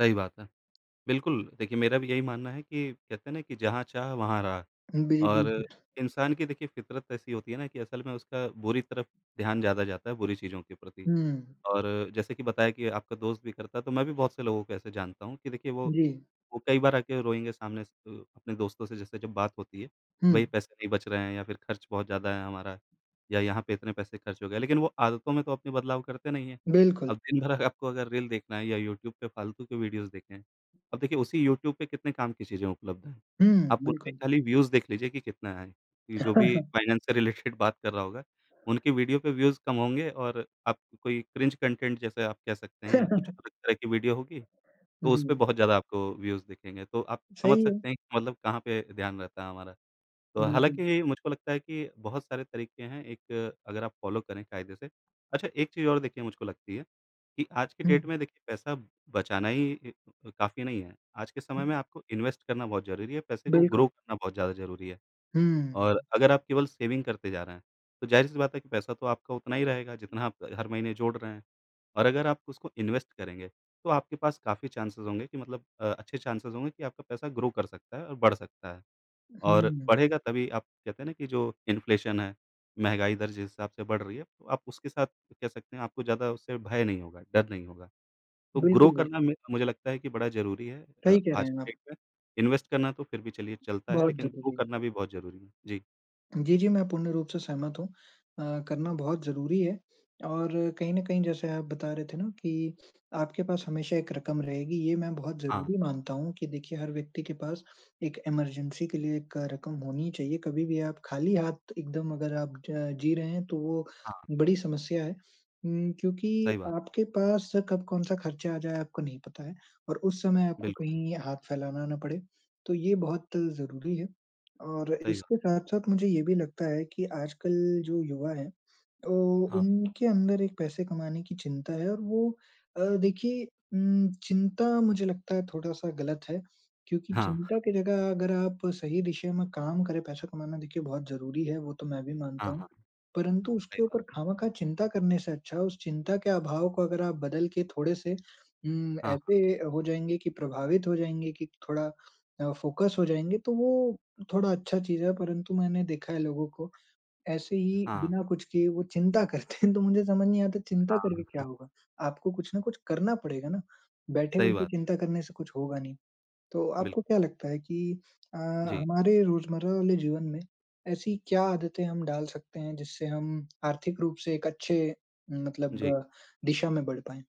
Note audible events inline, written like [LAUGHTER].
सही बात है। बिल्कुल, देखिए, मेरा भी यही मानना है कि कहते हैं ना कि जहाँ चाह वहाँ राह। अ, बे और बिल्कुल। इंसान की देखिए, फितरत ऐसी होती है ना कि असल में उसका बुरी तरफ ध्यान ज़्यादा जाता है, बुरी चीज़ों के प्रति। हुँ। और जैसे कि बताया कि आपका दोस्त भी करता है, तो मैं भी बहुत से लोगों को ऐसे जानता हूँ कि देखिए वो जी। वो कई बार आके रोएँगे सामने से अ, अपने दोस्तों से जैसे जब बात होती है, वही हुँ। पैसे नहीं बच रहे हैं या फिर खर्च बहुत ज़्यादा है हमारा या यहाँ पे इतने पैसे खर्च हो गए। लेकिन वो आदतों में तो अपनी बदलाव करते नहीं है, बिल्कुल। अब दिन भर अगर आपको अगर रील देखना है या यूट्यूब पे फालतू के वीडियोज़ देखें। अब देखिए, उसी यूट्यूब पे कितने काम की चीजें उपलब्ध हैं। हुँ। आप उन पे बिल्कुल। खाली व्यूज़ देख लीजिए कि कितना आएँ। ये जो भी [CHUCKLES] फाइनेंस से रिलेटेड बात कर रहा होगा, उनके वीडियो पे व्यूज़ कम होंगे, और आप कोई क्रिंज कॉन्टेंट जैसे आप कह सकते हैं या कुछ [CHUCKLES] अलग तरह की वीडियो होगी, तो उस पे जी। बहुत ज़्यादा आपको व्यूज़ दिखेंगे। तो आप समझ सही है। सकते हैं कि मतलब कहाँ पे ध्यान रहता है हमारा। तो बिल्कुल। हालाँकि, मुझको लगता है कि बहुत सारे तरीके हैं एक अगर आप फ़ॉलो करें कायदे से। अच्छा, एक चीज और देखिए मुझको लगती है कि आज के डेट हुँ। में देखिए पैसा बचाना ही इ अ, काफ़ी नहीं है। आज के समय में आपको इन्वेस्ट करना बहुत ज़रूरी है, पैसे को बिल्कुल। ग्रो करना बहुत ज़्यादा ज़रूरी है। और हुँ। अगर आप केवल सेविंग करते जा रहे हैं, तो जाहिर-सी बात है कि पैसा तो आपका उतना ही रहेगा जितना आप हर महीने जोड़ रहे हैं। और अगर आप उसको इन्वेस्ट करेंगे, तो आपके पास काफ़ी चान्सेस होंगे कि मतलब अ, अच्छे चान्सेस होंगे कि आपका पैसा ग्रो कर सकता है और बढ़ सकता है। और हुँ। बढ़ेगा तभी आप कहते हैं ना कि जो इन्फ्लेशन है, महँगाई दर जिस हिसाब से बढ़ रही है, आप उसके साथ कह सकते हैं, आपको ज़्यादा उससे भय नहीं होगा, डर नहीं होगा। तो ग्रो बिल्कुल, करना बिल्कुल। मे मुझे लगता है कि बड़ा ज़रूरी है अ, सही कह रहे आज हैं आप। की डेट में। इन्वेस्ट करना तो फिर भी चलिए चलता है, बहुत लेकिन ग्रो ज़रूरी। करना भी बहुत ज़रूरी है। जी। जी, जी, मैं पूर्ण रूप से सहमत हूँ। अ, करना बहुत ज़रूरी है, और कहीं न कहीं जैसे आप बता रहे थे ना कि आपके पास हमेशा एक रकम रहेगी। ये मैं बहुत हाँ। ज़रूरी मानता हूँ कि देखिए, हर व्यक्ति के पास एक इमर्जेन्सी के लिए एक रकम होनी ही चाहिए। कभी भी आप खाली हाथ एकदम अगर आप ज जी रहे हैं, तो वो हाँ। बड़ी समस्या है उम, क्योंकि सही बात। आपके पास कब कौन-सा खर्चा आ जाए, आपको नहीं पता है, और उस समय आपको बिल्कुल। कहीं हाथ फैलाना ना पड़े, तो ये बहुत ज़रूरी है। और सही बात। इसके साथ-साथ मुझे ये भी लगता है कि आजकल जो युवा हैं, तो हाँ। उनके अंदर एक पैसे कमाने की चिंता है और वो अ, देखिए उम, चिंता मुझे लगता है थोड़ा-सा गलत है क्योंकि हाँ। चिंता के जगह अगर आप सही दिशा में काम करें पैसा कमाना देखिए बहुत ज़रूरी है, वो तो मैं भी मानता हाँ, हूँ। हाँ। परंतु सही उसके बात ऊपर है। खामखाँ चिंता करने से अच्छा, उस चिंता के अभाव को अगर आप बदल के थोड़े-से उम, हाँ, हाँ। ऐसे अ, हो जाएँगे कि प्रभावित हो जाएँगे कि थोड़ा अ, फोकस हो जाएँगे, तो वो थोड़ा अच्छा चीज़ है। परंतु मैंने देखा है लोगों को, ऐसे ही हाँ। बिना कुछ किए वो चिंता करते हैं, तो मुझे समझ नहीं आता चिंता हाँ। करके क्या [CHUCKLES] होगा? आपको कुछ न कुछ करना पड़ेगा ना, सही बैठे-बैठे बात। चिंता करने से कुछ होगा नहीं। तो बिल्क आपको क्या लगता है कि अ, जी। हमारे रोज़मर्रा वाले जीवन में ऐसी क्या आदतें हम डाल सकते हैं, जिससे हम आर्थिक रूप से एक अच्छे मतलब जी। अ, दिशा में बढ़ पाएंँ?